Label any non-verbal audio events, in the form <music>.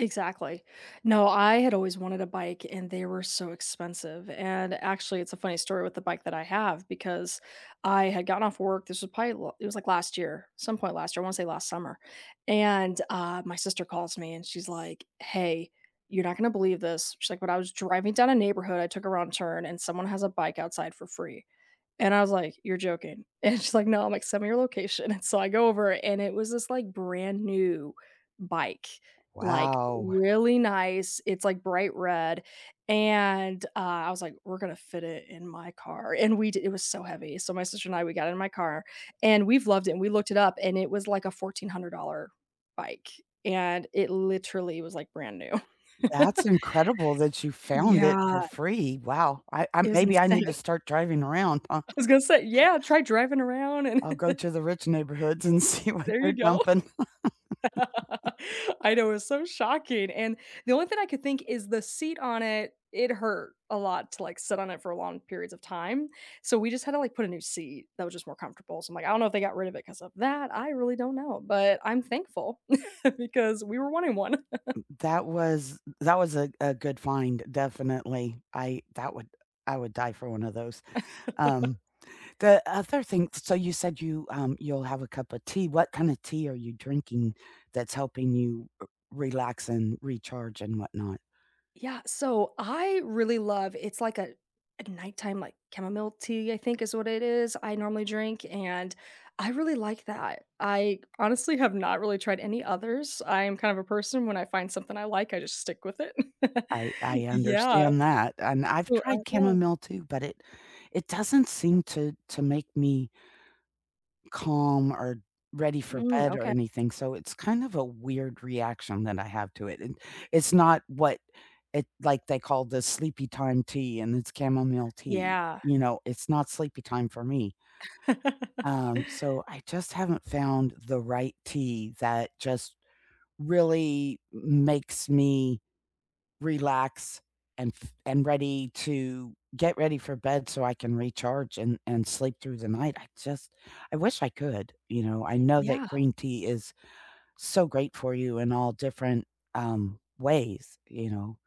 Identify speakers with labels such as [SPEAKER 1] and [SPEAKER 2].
[SPEAKER 1] Exactly. No, I had always wanted a bike and they were so expensive. And, actually, it's a funny story with the bike that I have, because I had gotten off work, this was probably l it was like last year, some point last year, I wanna say last summer. And, uh, my sister calls me and she's like, "Hey, you're not gonna believe this." She's like, "When I was driving down a neighborhood, I took a wrong turn and someone has a bike outside for free." And I was like, "You're joking." And she's like, "No," I'm like, "Send me your location," <chuckles> and so, I go over and it was this like brand new bike, like,
[SPEAKER 2] Wow.
[SPEAKER 1] really nice, it's like bright red and, uh, I was like, "We're gonna fit it in my car." And we di it was so heavy, so, my sister and I, we got it in my car and we've loved it and we looked it up and it was like a $1,400 bike and it literally was like brand new.
[SPEAKER 2] That's
[SPEAKER 1] <chuckles>
[SPEAKER 2] incredible that you found it
[SPEAKER 1] Yeah.
[SPEAKER 2] for free. Wow. I I
[SPEAKER 1] It was
[SPEAKER 2] maybe I need
[SPEAKER 1] insane.
[SPEAKER 2] to start driving around, huh?
[SPEAKER 1] I was gonna say, "Yeah,
[SPEAKER 2] <chuckles>
[SPEAKER 1] try driving around and"
[SPEAKER 2] I'll go
[SPEAKER 1] <chuckles>
[SPEAKER 2] to the rich neighborhoods and see what
[SPEAKER 1] There you
[SPEAKER 2] they're
[SPEAKER 1] go.
[SPEAKER 2] dumping. <chuckles>
[SPEAKER 1] <chuckles> I know, it was so shocking. And the only thing I could think is the seat on it, it hurt a lot to, like, sit on it for long periods of time. So, we just had to, like, put a new seat that was just more comfortable, so, I'm like, I don't know if they got rid of it 'cause of that, I really don't know. But I'm thankful <chuckles> because we were wanting one. <chuckles>
[SPEAKER 2] M that was that was a a good find, definitely. I that wa u I would die for one of those.
[SPEAKER 1] <chuckles>
[SPEAKER 2] Um, the other thing s so you said you um, you'll have a cup of tea. What kinda tea are you drinking that's helping you u relax and recharge and whatnot?
[SPEAKER 1] Yeah, so, I really love it's like a a nighttime, like, chamomile tea, I think is what it is, I normally drink and I really like that. I, honestly, have not really tried any others. I am kind of a person when I find something I like, I just stick with it.
[SPEAKER 2] I I
[SPEAKER 1] <chuckles> Yeah.
[SPEAKER 2] understand that. And I've
[SPEAKER 1] So,
[SPEAKER 2] tried
[SPEAKER 1] uh yeah.
[SPEAKER 2] chamomile too, but it it doesn't seem to to make me calm or ready for
[SPEAKER 1] Mm,
[SPEAKER 2] bed or
[SPEAKER 1] oka
[SPEAKER 2] anything, so, it's kind of a weird reaction that I have to it, and it's not what it like, they call the Sleepytime tea and it's chamomile tea.
[SPEAKER 1] Yeah.
[SPEAKER 2] You know, it's not sleepy time for me.
[SPEAKER 1] <chuckles>
[SPEAKER 2] Um, so I just haven't found the right tea that just really m makes me relax and f and ready to get ready for bed so I can recharge and and sleep through the night. I just I wish I could, you know, I know that
[SPEAKER 1] Yeah.
[SPEAKER 2] green tea is so great for you in all different, um, ways, you know.